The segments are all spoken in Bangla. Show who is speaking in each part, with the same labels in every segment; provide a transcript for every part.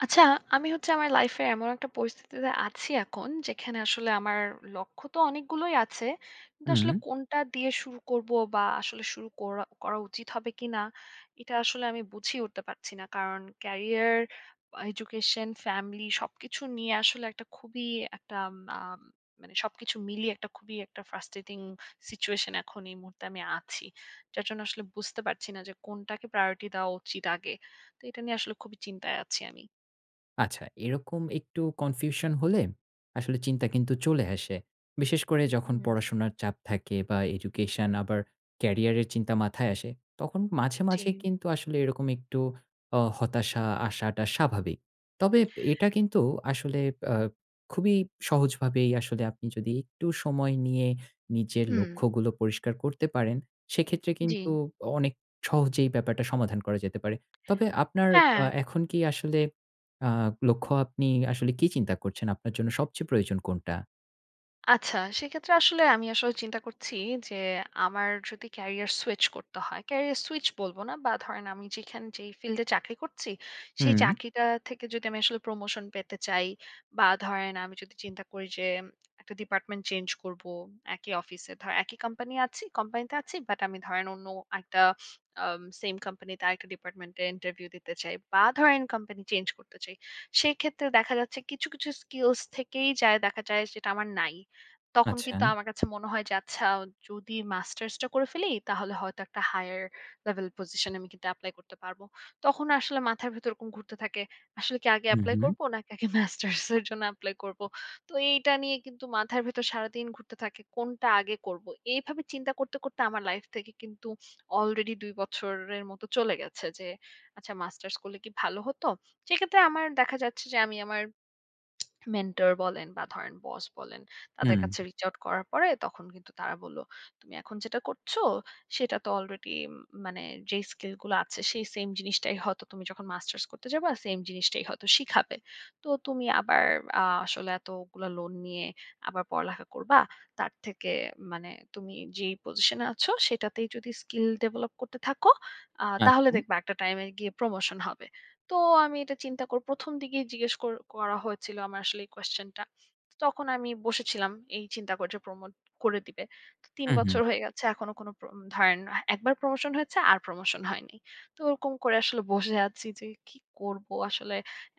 Speaker 1: আচ্ছা আমি হচ্ছে আমার লাইফ এ এমন একটা পরিস্থিতিতে আছি এখন, যেখানে আসলে আমার লক্ষ্য তো অনেকগুলোই আছে। কিন্তু
Speaker 2: হুম।
Speaker 1: আসলে কোনটা দিয়ে শুরু করবো বা আসলে শুরু কোরা করা উচিত হবে কিনা এটা আসলে আমি বুঝেই উঠতে পারছি না। কারণ ক্যারিয়ার এডুকেশন, ফ্যামিলি সবকিছু নিয়ে আসলে একটা খুবই একটা আ মানে সবকিছু মিলিয়ে একটা খুবই একটা ফ্রাস্ট্রেটিং সিচুয়েশন এখন এই মুহূর্তে আমি আছি। যার জন্য আসলে বুঝতে পারছি না যে কোনটাকে প্রায়োরিটি দেওয়া উচিৎ আগে। তো এটা নিয়ে আসলে খুবই চিন্তায় আছি আমি।
Speaker 2: আচ্ছা এরকম একটু কনফিউশন হলে আসলে চিন্তা কিন্তু চলে আসে। বিশেষ করে যখন
Speaker 1: হুম।
Speaker 2: পড়াশুনার চাপ থাকে বা এডুকেশন আবার কেরিয়ার এর চিন্তা মাথায় আসে তখন মাঝে, মাঝে
Speaker 1: জি।
Speaker 2: কিন্তু আসলে এরকম একটু অ হতাশা আশাটা স্বাভাবিক। তবে এটা কিন্তু আসলে অ খুবই সহজভাবেই আসলে আপনি যদি একটু সময় নিয়ে নিজের
Speaker 1: হুঁ।
Speaker 2: লক্ষ্যগুলো পরিষ্কার করতে পারেন, সেক্ষেত্রে কিন্তু
Speaker 1: জি।
Speaker 2: অনেক সহজেই ব্যাপারটা সমাধান করা যেতে পারে। তবে আপনার আ
Speaker 1: হ্যাঁ।
Speaker 2: এখন কি আসলে আ লক্ষ্য আপনি আসলে কী চিন্তা করছেন? আপনার জন্য সবচেয়ে প্রয়োজন কোনটা?
Speaker 1: আচ্ছা সেক্ষেত্রে আসলে আমি আসলে চিন্তা করছি যে আমার যদি ক্যারিয়ার সুইচ করতে হয়। ক্যারিয়ার সুইচ বলব না, বা ধরেন আমি যেখানে যে ফিল্ডে চাকরি করছি সেই
Speaker 2: হুম।
Speaker 1: চাকরিটা থেকে যদি আমি আসলে প্রমোশন পেতে চাই, বা ধরেন আমি যদি চিন্তা করি যে একটা ডিপার্টমেন্ট চেঞ্জ করব একই অফিসে ধরেন একই কোম্পানি আছি কোম্পানি তে আছি। বাট আমি ধরেন অন্য একটা আ সেম কোম্পানি তে আরেকটা ডিপার্টমেন্ট এ ইন্টারভিউ দিতে চাই, বা ধরেন কোম্পানি চেঞ্জ করতে চাই। সেক্ষেত্রে দেখা যাচ্ছে কিছু কিছু স্কিলস থেকেই দেখা যায় যেটা আমার নাই। তখন কিন্তু
Speaker 2: আচ্ছা।
Speaker 1: আমার কাছে মনে হয় যে আচ্ছা যদি মাস্টার্স টা করে ফেলি তাহলে হয়তো একটা হায়ার লেভেল পজিশন এ আমি কিন্তু এপ্লাই করতে পারব। তখন আসলে মাথার ভিতর এরকম ঘুরতে থাকে। আসলে কি আগে
Speaker 2: হু,
Speaker 1: এপ্লাই
Speaker 2: হু।
Speaker 1: করব নাকি আগে মাস্টার্স এর জন্য এপ্লাই করব। তো এইটা নিয়ে কিন্তু মাথার ভেতর সারাদিন ঘুরতে থাকে। কোনটা আগে করব। এইভাবে চিন্তা করতে, করতে আমার লাইফ থেকে কিন্তু আলরেডি ২ বছরের মতো চলে গেছে যে আচ্ছা মাস্টার্স করলে কি ভালো হত। সেক্ষেত্রে আমার দেখা যাচ্ছে যে আমি আমার মেন্টর বলেন বা ধরেন বস বলেন তাদের
Speaker 2: হুম।
Speaker 1: কাছে reach out করার পরে তখন কিন্তু তারা বলল, তুমি এখন যেটা করছো সেটা তো আলরেডি মানে যেই স্কিল গুলো আছে, সেই সেম জিনিসটাই হয়তো তুমি যখন মাস্টার্স করতে যাবা সেম জিনিসটাই হয়তো শিখাবে। তো তুমি আবার আ আসলে এতগুলা লোন নিয়ে আবার পড়ালেখা করবা। তার থেকে মানে তুমি যেই পজিশনে আছ সেটাতেই যদি স্কিল ডেভেলপ করতে থাকো আ তাহলে
Speaker 2: আচ্ছা।
Speaker 1: দেখবা একটা টাইমে গিয়ে প্রমোশন হবে। তো আমি এটা চিন্তা করব। প্রথম দিকেই জিজ্ঞেস কর করা হয়েছিল আমার আসলে এই কোশ্চেন টা। তখন আমি বসেছিলাম এই চিন্তা করে প্রমোট করে দিবে। তো ৩
Speaker 2: হুম, হুম।
Speaker 1: বছর হয়ে গেছে এখনো কোনো প্র ধারেন না, একবার প্রমোশন হয়েছে আর প্রমোশন হয়নি। তো ওরকম করে আসলে বসে আছি যে কি করব আসলে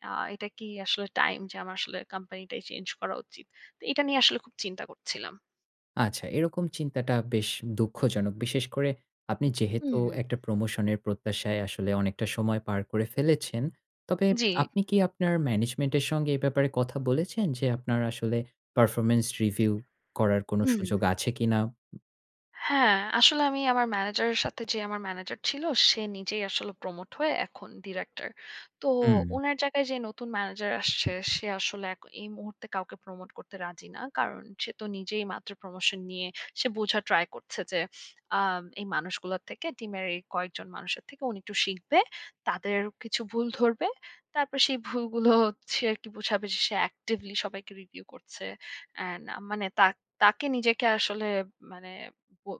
Speaker 1: আ এটা কি আসলে টাইম যে আমার আসলে কোম্পানিটাই চেঞ্জ করা উচিত। তো এটা নিয়ে আসলে খুব চিন্তা করছিলাম।
Speaker 2: আচ্ছা এরকম চিন্তাটা বেশ দুঃখজনক। বিশেষ করে আপনি
Speaker 1: হু,
Speaker 2: যেহেতু
Speaker 1: হু।
Speaker 2: একটা প্রমোশন এর প্রত্যাশায় আসলে অনেকটা সময় পার করে ফেলেছেন। তবে
Speaker 1: জি।
Speaker 2: আপনি কি আপনার ম্যানেজমেন্ট এর সঙ্গে এ ব্যাপারে কথা বলেছেন? যে আপনার আসলে পারফরম্যান্স রিভিউ করার কোন সুযোগ
Speaker 1: হু।
Speaker 2: আছে কিনা?
Speaker 1: হ্যাঁ, আসলে আমি আমার ম্যানেজারের সাথে যে আমার ম্যানেজার ছিল সে নিজেই আসলে প্রমোট হয়ে এখন ডিরেক্টর। তো
Speaker 2: হু।
Speaker 1: উনার জায়গায় যে নতুন ম্যানেজার আসছে সে আসলে এই মুহূর্তে কাউকে প্রমোট করতে রাজি না। কারণ সে তো নিজেই মাত্র প্রমোশন নিয়ে সে বোঝা ট্রাই করছে যে আ এই মানুষগুলোর থেকে টিমের এই কয়েকজন মানুষের থেকে উনি একটু শিখবে। তাদের কিছু ভুল ধরবে। তারপর সেই ভুলগুলো হচ্ছে আর কি সে actively সবাইকে review করছে এন্ড আ মানে তাকে নিজেকে আসলে মানে বো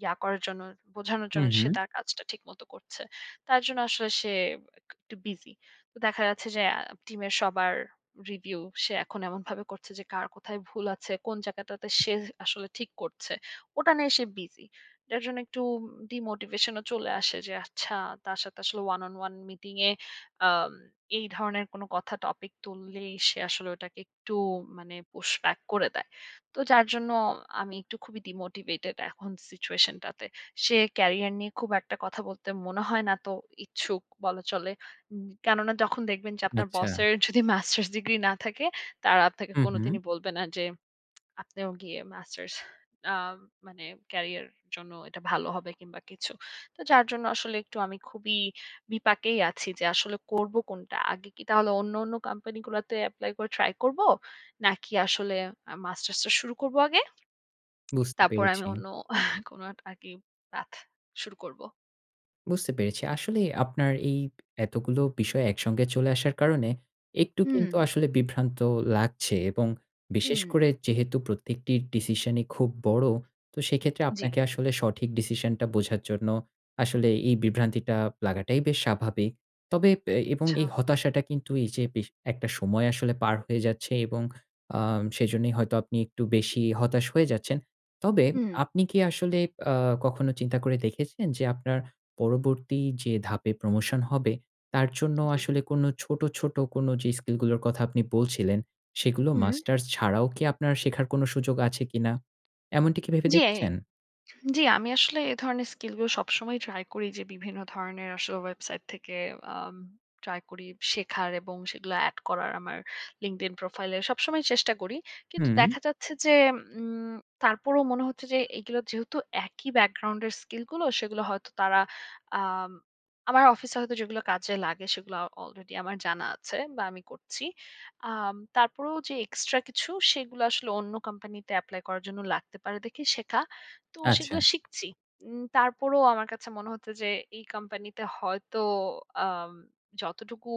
Speaker 1: ইয়া করার জন্য বোঝানোর
Speaker 2: হু,
Speaker 1: জন্য সে
Speaker 2: হু।
Speaker 1: তার কাজটা ঠিকমত করছে। তার জন্য আসলে সে একটু বিসি। তো দেখা যাচ্ছে যে টিমের সবার রিভিউ সে এখন এমনভাবে করছে যে কার কোথায় ভুল আছে, কোন জায়গাটাতে সে আসলে ঠিক করছে। ওটা নিয়ে সে বিজি। যার জন্য একটু ডিমোটিভেশন ও চলে। আসে যে আচ্ছা তার সাথে আসলে one on one মিটিং এ আ এই ধরনের কোনো কথা টপিক তুললেই সে আসলে ওটাকে একটু মানে push back করে দেয়। তো যার জন্য আমি একটু খুবই ডিমোটিভেটেড এখন সিচুয়েশন টাতে। সে ক্যারিয়ার নিয়ে খুব একটা কথা বলতে মনে হয় না তো ইচ্ছুক বলা চলে। কেননা যখন দেখবেন যে আপনার
Speaker 2: আচ্ছা।
Speaker 1: বসের যদি মাস্টার্স ডিগ্রি না থাকে তারা আপনাকে
Speaker 2: হু, হু।
Speaker 1: কোনদিনই বলবে না যে আপনিও গিয়ে মাস্টার্স আ মানে ক্যারিয়ার জন্য এটা ভালো হবে কিংবা কিছু। তো যার জন্য আসলে একটু আমি খুবই বিপাকেই আছি যে আসলে করব কোনটা। আগে কি তাহলে অন্য, অন্য কোম্পানি গুলাতে এপ্লাই করে ট্রাই করব? নাকি আসলে আ মাস্টার্স টা শুরু করব আগে।
Speaker 2: বুঝতে
Speaker 1: তারপর আমি
Speaker 2: পেরেছি।
Speaker 1: অন্য কোন পাথ শুরু করব।
Speaker 2: বুঝতে পেরেছি। আসলে আপনার এই এতগুলো বিষয় একসঙ্গে চলে আসার কারণে একটু কিন্তু
Speaker 1: হু।
Speaker 2: আসলে বিভ্রান্ত লাগছে, এবং বিশেষ
Speaker 1: হু।
Speaker 2: করে যেহেতু প্রত্যেকটির ডিসিশন ই খুব বড় তো সেক্ষেত্রে
Speaker 1: জি।
Speaker 2: আপনাকে আসলে সঠিক ডিসিশন টা বোঝার জন্য আসলে এই বিভ্রান্তিটা লাগাটাই বেশ স্বাভাবিক। তবে এ এবং এই
Speaker 1: আচ্ছা।
Speaker 2: হতাশাটা কিন্তু এই যে একটা সময় আসলে পার হয়ে যাচ্ছে এবং আ সেজন্যই হয়তো আপনি একটু বেশি হতাশ হয়ে যাচ্ছেন। তবে
Speaker 1: হু।
Speaker 2: আপনি কি আসলে আ কখনো চিন্তা করে দেখেছেন যে আপনার পরবর্তী যে ধাপে প্রমোশন হবে তার জন্য
Speaker 1: জি।
Speaker 2: আসলে কোন ছোট, ছোট কোনো যে স্কিল গুলোর কথা আপনি বলছিলেন সেগুলো
Speaker 1: হু।
Speaker 2: মাস্টার্স ছাড়াও কি আপনার শেখার কোন সুযোগ আছে কিনা? এমনটি কি ভেবে
Speaker 1: জি,
Speaker 2: দেখেছেন?
Speaker 1: জি আমি আসলে এ ধরনের স্কিলগুলো সবসময়ই ট্রাই করি যে বিভিন্ন ধরনের আসলে ওয়েবসাইট থেকে আ ট্রাই করি শেখার এবং সেগুলো এড করার আমার লিঙ্কড ইন প্রোফাইলে সবসময় চেষ্টা করি। কিন্তু
Speaker 2: হু।
Speaker 1: দেখা যাচ্ছে যে উম তারপরেও মনে হচ্ছে যে এগুলো যেহেতু একই ব্যাকগ্রাউন্ডের স্কিলগুলো সেগুলো হয়তো তারা আ আমার অফিসে হয়তো যেগুলো কাজে লাগে সেগুলো আলরেডি আমার জানা আছে বা আমি করছি। আ তারপরেও যে এক্সট্রা কিছু সেগুলো আসলে অন্য কোম্পানিতে এপ্লাই করার জন্য লাগতে পারে দেখি শেখা। তো সেগুলো
Speaker 2: আচ্ছা।
Speaker 1: শিখছি। উম তারপরেও আমার কাছে মনে হচ্ছে যে এই কোম্পানিতে হয়তো আ যতটুকু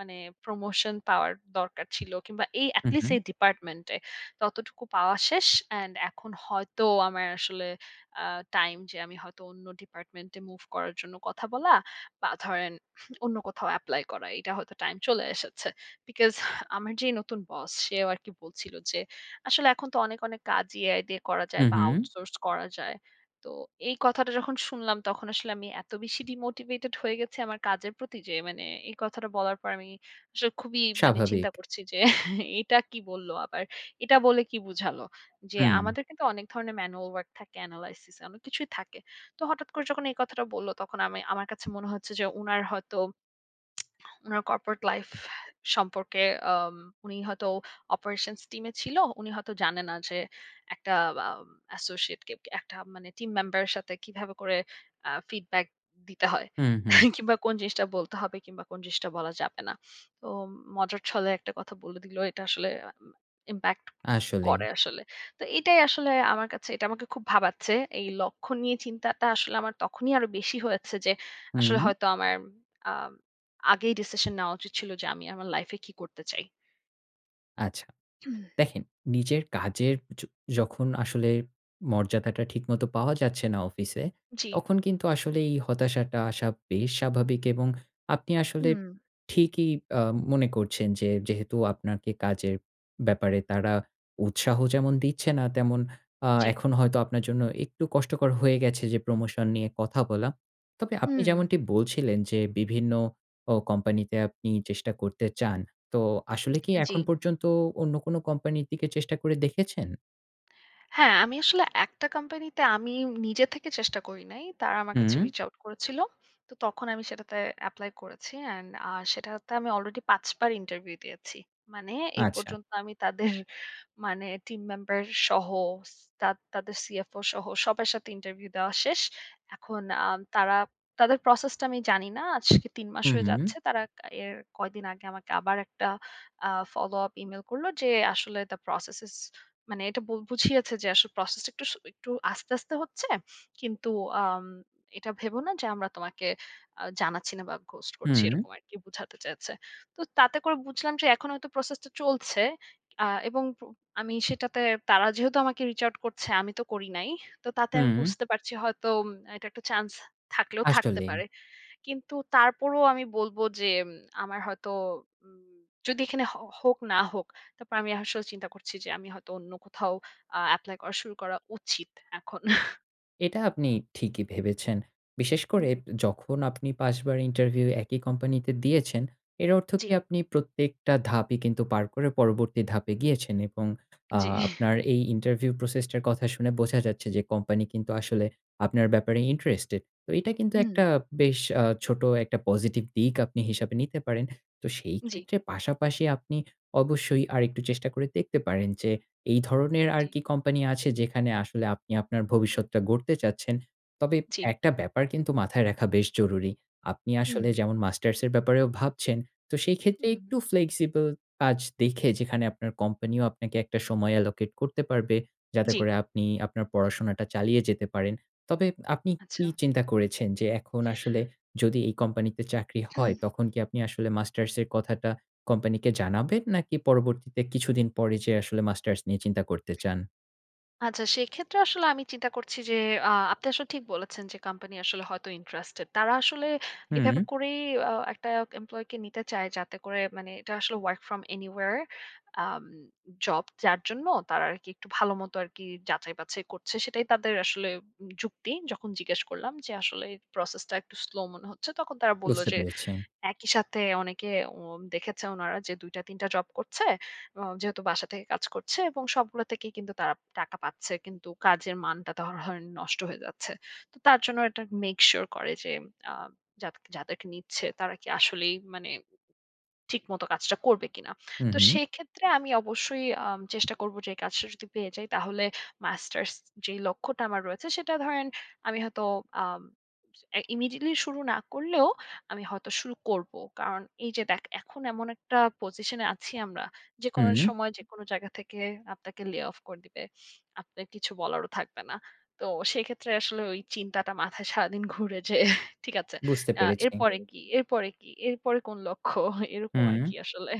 Speaker 1: মানে প্রমোশন পাওয়ার দরকার ছিল কিংবা এই
Speaker 2: হুম,
Speaker 1: এটলিস্ট
Speaker 2: হুম।
Speaker 1: এই ডিপার্টমেন্টে ততটুকু পাওয়া শেষ অ্যান্ড এখন হয়তো আমার আসলে আ টাইম যে আমি হয়তো অন্য ডিপার্টমেন্টে মুভ করার জন্য কথা বলা বা ধরেন অন্য কোথাও এপ্লাই করা। এটা হয়তো টাইম চলে এসেছে। বিকস আমার যে নতুন বস সেও আরকি বলছিল যে আসলে এখন তো অনেক অনেক কাজ এআই দিয়ে করা যায়
Speaker 2: হুম,
Speaker 1: বা
Speaker 2: হু।
Speaker 1: আউটসোর্স করা যায়। তো এই কথাটা যখন শুনলাম তখন আসলে আমি এত বেশি ডিমোটিভেটেড হয়ে গেছি আমার কাজের প্রতি যে মানে এই কথাটা বলার পর আমি আসলে খুবই মানে চিন্তা
Speaker 2: স্বাভাবিক।
Speaker 1: করছি যে এটা কি বলল আবার। এটা বলে কি বুঝালো। যে
Speaker 2: হু।
Speaker 1: আমাদের কিন্তু অনেক ধরনের ম্যানুয়াল ওয়ার্ক থাকে অ্যানালাইসিস অনেক কিছুই থাকে। তো হঠাৎ করে যখন এই কথাটা বললো তখন আমি আমার কাছে মনে হচ্ছে যে উনার হয়তো উনার কর্পোরেট লাইফ সম্পর্কে আ উনি হয়তো অপারেশনস টিমে ছিল। উনি হয়তো জানে না যে একটা আ অ্যাসোসিয়েটকে একটা মানে টিম মেম্বারের সাথে কিভাবে করে অ্যা ফিডব্যাক দিতে হয়।
Speaker 2: হুম, হুম।
Speaker 1: কিংবা কোন জিনিসটা বলতে হবে কিংবা কোন জিনিসটা বলা যাবে না। তো মজার ছলে একটা কথা বলে দিলো। এটা আসলে ইমপ্যাক্ট
Speaker 2: আসলেই।
Speaker 1: করে আসলে। তো এটাই আসলে আমার কাছে এটা আমাকে খুব ভাবাচ্ছে। এই লক্ষ্য নিয়ে চিন্তাটা আসলে আমার তখনই আরো বেশি হয়েছে যে আসলে
Speaker 2: হুম।
Speaker 1: হয়তো আমার আ আগেই ডিসিশন নেওয়া উচিত ছিল যে আমি আমার লাইফ এ কী করতে চাই।
Speaker 2: আচ্ছা।
Speaker 1: হুম।
Speaker 2: দেখেন নিজের কাজের য যখন আসলে মর্যাদাটা ঠিকমত পাওয়া যাচ্ছে না অফিসে,
Speaker 1: জি।
Speaker 2: তখন কিন্তু আসলে এই হতাশাটা আসা বেশ স্বাভাবিক, এবং আপনি আসলে
Speaker 1: হু।
Speaker 2: ঠিকই আ মনে করছেন যে যেহেতু আপনার কাজের ব্যাপারে তারা উৎসাহ যেমন দিচ্ছে না তেমন আ
Speaker 1: জি।
Speaker 2: এখন হয়তো আপনার জন্য একটু কষ্টকর হয়ে গেছে যে প্রমোশন নিয়ে কথা বলা। তবে আপনি
Speaker 1: হু।
Speaker 2: যেমনটি বলছিলেন যে বিভিন্ন অ কোম্পানি তে আপনি চেষ্টা করতে চান। তো আসলে কি এখন
Speaker 1: জি।
Speaker 2: পর্যন্ত অন্য কোন কোম্পানির দিকে চেষ্টা করে দেখেছেন?
Speaker 1: হ্যাঁ আমি আসলে একটা কোম্পানিতে আমি নিজে থেকে চেষ্টা করি নাই। তারা আমার কাছে
Speaker 2: হুম।
Speaker 1: রিচ আউট করেছিল। তো তখন আমি সেটাতে এপ্লাই করেছি অ্যান্ড আ সেটাতে আমি আলরেডি পাঁচবার ইন্টারভিউ দিয়েছি। মানে এই
Speaker 2: আচ্ছা।
Speaker 1: পর্যন্ত আমি তাদের মানে টিম মেম্বার সহ সি তা তাদের সিএফও সহ সবার সাথে ইন্টারভিউ দেওয়া শেষ। এখন আ তারা তাদের প্রসেস টা আমি জানি না। আজকে ৩ মাস
Speaker 2: হু,
Speaker 1: হয়ে যাচ্ছে।
Speaker 2: হু।
Speaker 1: তারা এর কয়দিন আগে আমাকে আবার একটা আ ফলো আপ ইমেইল করল যে আসলে the process is মানে এটা বুঝিয়েছে যে আসলে প্রসেস টা একটু আস্তে, আস্তে কিন্তু আ এটা ভেব না যে আমরা তোমাকে জানাচ্ছি না বা ghost করছি
Speaker 2: হুম।
Speaker 1: এরকম আরকি বুঝাতে চেয়েছে। তো তাতে করে বুঝলাম যে এখন হয়তো প্রসেস টা চলছে আ এবং আমি সেটাতে তারা যেহেতু আমাকে রিচ আউট করছে আমি তো করি নাই। তো তাতে আমি
Speaker 2: হুম।
Speaker 1: বুঝতে পারছি হয়তো এটা একটা চান্স থাকলেও থাকতে
Speaker 2: আসলে।
Speaker 1: পারে। কিন্তু তারপরও আমি বলব যে আমার হয়তো যদি এখানে হ হোক না হোক তারপর আমি আসলে চিন্তা করছি যে আমি হয়তো অন্য কোথাও আ এপ্লাই করা শুরু করা উচিত এখন।
Speaker 2: এটা আপনি ঠিকই ভেবেছেন। বিশেষ করে
Speaker 1: জি।
Speaker 2: যখন আপনি ৫ বার ইন্টারভিউ একই কোম্পানিতে দিয়েছেন এর অর্থ
Speaker 1: জি।
Speaker 2: কি আপনি প্রত্যেকটা ধাপই কিন্তু পার করে পরবর্তী ধাপে গিয়েছেন এবং আ
Speaker 1: জি।
Speaker 2: আপনার এই ইন্টারভিউ প্রসেস টার কথা শুনে বোঝা যাচ্ছে যে, কোম্পানি কিন্তু আসলে আপনার ব্যাপারে ইন্টারেস্টেড। তো এটা কিন্তু একটা
Speaker 1: হুঁ।
Speaker 2: বেশ আ ছোট একটা পজিটিভ দিক আপনি হিসাবে নিতে পারেন। তো সেই
Speaker 1: জি।
Speaker 2: ক্ষেত্রে পাশাপাশি আপনি অবশ্যই আরেকটু চেষ্টা করে দেখতে পারেন যে এই ধরনের আর
Speaker 1: জি।
Speaker 2: কি কোম্পানি আছে, যেখানে আসলে আপনি আপনার ভবিষ্যৎটা গড়তে চাচ্ছেন। তবে
Speaker 1: জি।
Speaker 2: একটা ব্যাপার কিন্তু মাথায় রাখা বেশ জরুরী। আপনি
Speaker 1: হু।
Speaker 2: আসলে যেমন মাস্টার্স এর ব্যাপারেও ভাবছেন তো সেই ক্ষেত্রে
Speaker 1: হু।
Speaker 2: একটু ফ্লেক্সিবল কাজ দেখে যেখানে আপনার কোম্পানি আপনাকে একটা সময় allocate করতে পারবে। যাতে
Speaker 1: জি।
Speaker 2: করে আপনি আপনার পড়াশোনাটা চালিয়ে যেতে পারেন। তবে আপনি কি
Speaker 1: আচ্ছা।
Speaker 2: চিন্তা করেছেন? যে এখন আসলে যদি এই কোম্পানি তে চাকরি হয়,
Speaker 1: হুম।
Speaker 2: তখন কি আপনি আসলে মাস্টার্স এর কথাটা কোম্পানিকে জানাবেন? নাকি পরবর্তীতে কিছুদিন পরে যে আসলে মাস্টার্স নিয়ে চিন্তা করতে চান?
Speaker 1: আচ্ছা সেক্ষেত্রে আসলে আমি চিন্তা করছি যে আ আপনি আসলে ঠিক বলেছেন যে কোম্পানি আসলে হয়তো ইন্টারেস্টেড তারা আসলে এভাবে
Speaker 2: হুম।
Speaker 1: করেই আ একটা এমপ্লই কে নিতে চায় যাতে করে মানে এটা আসলে work from anywhere আম জব যার জন্য তারা আরকি একটু ভাল মত আরকি যাচাই বাছাই করছে সেটাই তাদের আসলে যুক্তি যখন জিজ্ঞেস করলাম যে আসলে প্রসেস টা একটু স্লো মনে হচ্ছে, তখন তারা বলল
Speaker 2: বুঝতে
Speaker 1: যে
Speaker 2: পেরেছি।
Speaker 1: একই সাথে অনেকে অ দেখেছে উনারা যে ২ টা ৩ টা জব করছে। আ যেহেতু বাসা থেকে কাজ করছে এবং সবগুলো থেকেই কিন্তু তারা টাকা পাচ্ছে। কিন্তু কাজের মানটা ধ ধরেন নষ্ট হয়ে যাচ্ছে। তো তার জন্য এটা মেক সিউর করে যে যা যাদেরকে নিচ্ছে তারা কি আসলেই মানে ঠিকমতো কাজটা করবে কিনা।
Speaker 2: হু,
Speaker 1: তো
Speaker 2: হু।
Speaker 1: সেক্ষেত্রে আমি অবশ্যই আ চেষ্টা করব যে এই কাজটা যদি পেয়ে যাই তাহলে মাস্টার্স যে লক্ষ্যটা আমার রয়েছে সেটা ধরেন আমি হয়তো আ ইমিডিয়েটলি শুরু না করলেও আমি হয়তো শুরু করব। কারণ এই যে দেখ এখন এমন একটা একটা পজিশনে আছি আমরা। যেকোন
Speaker 2: হু।
Speaker 1: সময় যেকোনো জায়গা থেকে আপনাকে lay off করে দিবে। আপনার কিছু বলারও থাকবে না। তো সেক্ষেত্রে আসলে ওই চিন্তাটা মাথায় সারাদিন ঘুরে যে। ঠিক আছে।
Speaker 2: বুঝতে পেরেছি।
Speaker 1: এরপরে কি? এরপরে কি? এরপরে কোন লক্ষ্য এরকম
Speaker 2: হুম।
Speaker 1: আরকি আসলে।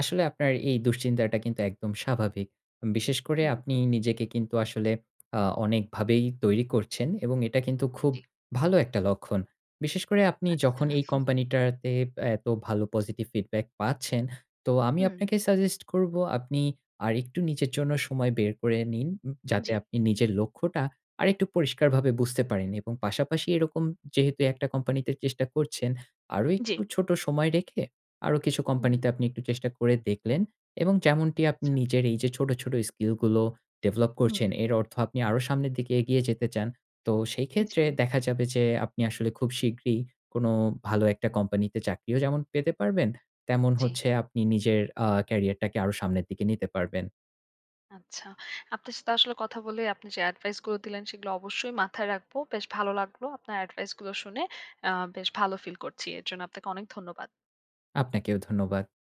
Speaker 2: আসলে আপনার এই দুশ্চিন্তাটা কিন্তু একদম স্বাভাবিক। বিশেষ করে
Speaker 1: হু।
Speaker 2: আপনি নিজেকে কিন্তু আসলে আ অনেকভাবেই তৈরি করছেন এবং এটা কিন্তু খুব
Speaker 1: ঠিক।
Speaker 2: ভালো একটা লক্ষণ। বিশেষ করে আপনি যখন
Speaker 1: আচ্ছা।
Speaker 2: এই কোম্পানি টাতে এত ভালো পজিটিভ ফিডব্যাক পাচ্ছেন তো আমি
Speaker 1: হু।
Speaker 2: আপনাকে সাজেস্ট করব, আপনি আরেকটু নিজের জন্য সময় বের করে নিন যাতে
Speaker 1: জি।
Speaker 2: আপনি নিজের লক্ষ্যটা আরেকটু পরিষ্কারভাবে বুঝতে পারেন এবং পাশাপাশি এরকম যেহেতু একটা কোম্পানিতে চেষ্টা করছেন, আরো একটু
Speaker 1: জি।
Speaker 2: ছোট সময় রেখে আরো কিছু কোম্পানিতে
Speaker 1: হু।
Speaker 2: আপনি একটু চেষ্টা করে দেখলেন এবং যেমনটি আপনি
Speaker 1: আচ্ছা।
Speaker 2: নিজের এই যে ছোট, ছোট স্কিল গুলো ডেভেলপ করছেন
Speaker 1: হু।
Speaker 2: এর অর্থ আপনি আরো সামনের দিকে এগিয়ে যেতে চান তো সেই ক্ষেত্রে
Speaker 1: জি।
Speaker 2: দেখা যাবে যে আপনি আসলে খুব শীঘ্রই কোনো ভালো একটা কোম্পানিতে চাকরিও যেমন পেতে পারবেন তেমন
Speaker 1: জি।
Speaker 2: হচ্ছে আপনি নিজের আ ক্যারিয়ারটাকে আরো সামনের দিকে নিতে পারবেন।
Speaker 1: আচ্ছা। আপনার সাথে আসলে কথা বলে আপনি যে অ্যাডভাইস গুলো দিলেন সেগুলো অবশ্যই মাথায় রাখব। বেশ ভালো লাগলো আপনার অ্যাডভাইস গুলো শুনে অ্যা বেশ ভালো ফিল করছি। এর জন্য আপনাকে অনেক ধন্যবাদ।
Speaker 2: আপনাকেও ধন্যবাদ।